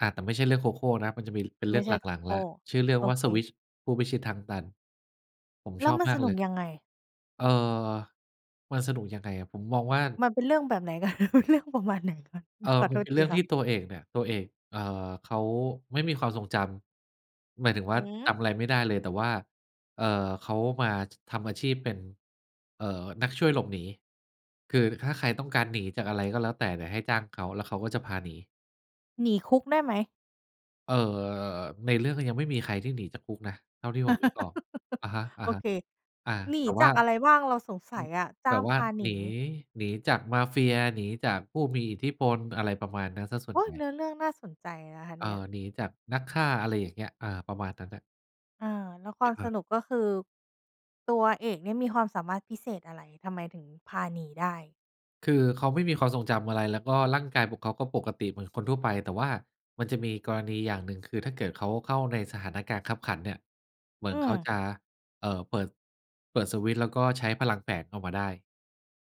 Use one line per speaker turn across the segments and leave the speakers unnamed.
อา แต่ไม่ใช่เรื่องโคโค่นะ มันจะมีเป็นเ
ไม
รื
่
่อง
ใช
ห
่โค
ลัก
โค
ๆ แล
่
้ว ชื่อเรื่อ
โ
ง
อ
ว่า
เ
สวิ
ค
ตช์ ผู้พิชิตทางตัน ผม
แล้
ช
ว
อบ
มัน
มา
ส
ก
น
เ
ุ
ล
ก
ย
ยังไง?
เอ่อ มันสนุกยังไงอะ ผมมองว่า
มันเป็นเรื่องแบบไหน กัน? เนื้อเรื่องประมาณไหนคะ?
เอ่
ข
อ
อ
ม
โท
ันเ
ษ
ป็น
ท
เร
ี
ื่อง
ค่
ท
ะ
ี่ตัวเอกเนี่ย ตัวเอก เอ่อ เขาไม่มีความทรงจำ หมายถึงว
ห
่
ื
า จ
อ!
ำอะไรไม่ได้เลย แต่ว่า เอ่อ เขามาทำอาชีพเป็น เอ่อ นักช่วยหลบหนี คือถ้าใครต้องการหนีจากอะไรก็แล้วแต่เนี่ย เดี๋ยวให้จ้างเขา แล้วเขาก็จะพาหนี
หนีคุกได้ไหม?
เอ่อ ในเรื่องก็ยังไม่มีใครที่หนีจากคุกนะ เท่าที่ผมนึกออก อะฮะ
โอเค
ๆ อา
หนี
แต่ว
จ
่
า
า
กอะไรบ้างเราสงส
อื
ัย
ม
อะ? จ
แ
้
บ
าง
บว
พ
่า
าหน
หนี
ี
หนีจากมาเฟีย หนีจากผู้มีอิทธิพล อะไรประมาณนั้นเสียส่
โอ
ว
๊
นใ
ย
หญ่
เนื้อเรื่องน่าสนใจนะคะ
อ
เ
่
น
า
ี่ย?
หนีจากนักฆ่า อะไรอย่างเงี้ย อา ประมาณนั้นน่ะ
อา แล้วความ
ค
ส
รับ
นุก ก็คื ตัวเอกเนี่ยมีความสามารถพิเศษอะไร? ทำไมถึงพาหนีได้?
คือเขาไม่มีความทรงจำอะไร แล้วก็ร่างกายของเขาก็ปกติเหมือนคนทั่วไป แต่ว่ามันจะมีกรณีอย่างหนึ่ง คือ ถ้าเกิดเขาเข้าในสถานะการณ์คับขันเนี่ย เหมื
อ
อ
ื
นเขา
ม
จะ เอ่อ เปิด เปิดสวิตช์ แล้วก็ใช้พลังแฝงเข้ามาได้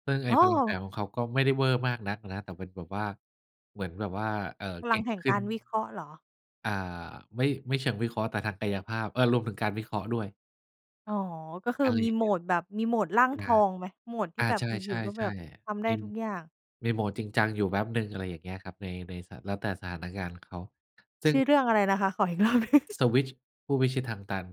ซึ่งไอ
อ
้
๋
พลังแฝ
อ
งของเขา ก็ไม่ได้เวอร์มากนักอะนะ แต่เป็นแบบว่า เหมือนแบบว่า เอ่อ
พ
เ
ล
ก
ั
่
ง
ง
แห่ง
ขึ้
ก
น
ารวิเคราะห์เหรอ?
อ่า ไม่ ไม่เชิงวิเคราะห์ แต่ทางกายภาพ เออ รวมถึงการวิเคราะห์ด้วย
อ๋อ ก็คือ
อะไร
มี
อย่า
โ
ง
ห
เ
ม
งี้ย
ดแบบ มีโหมดร่าง
อ
ท
า
องไหม? โหมดที
อ
่
า
แบบอ
ใช
ยู่ ๆ ก็แบ
่
บ
ๆ
ท
ๆ
ำไ
เ
ด
ป
้
็น
ทุกอย่าง
มีโหมดจริงจังอยู่แป๊บหนึ่ง อะไรอย่างเงี้ยครับ ใน ใน ส แล้วแต่สถานการณ์เขา ซึ
ช
่ง
ื่อเรื่องอะไรนะคะ? ขออีก รอบหนึ่ง
สวิตช์ ผู้พิชิตทางตัน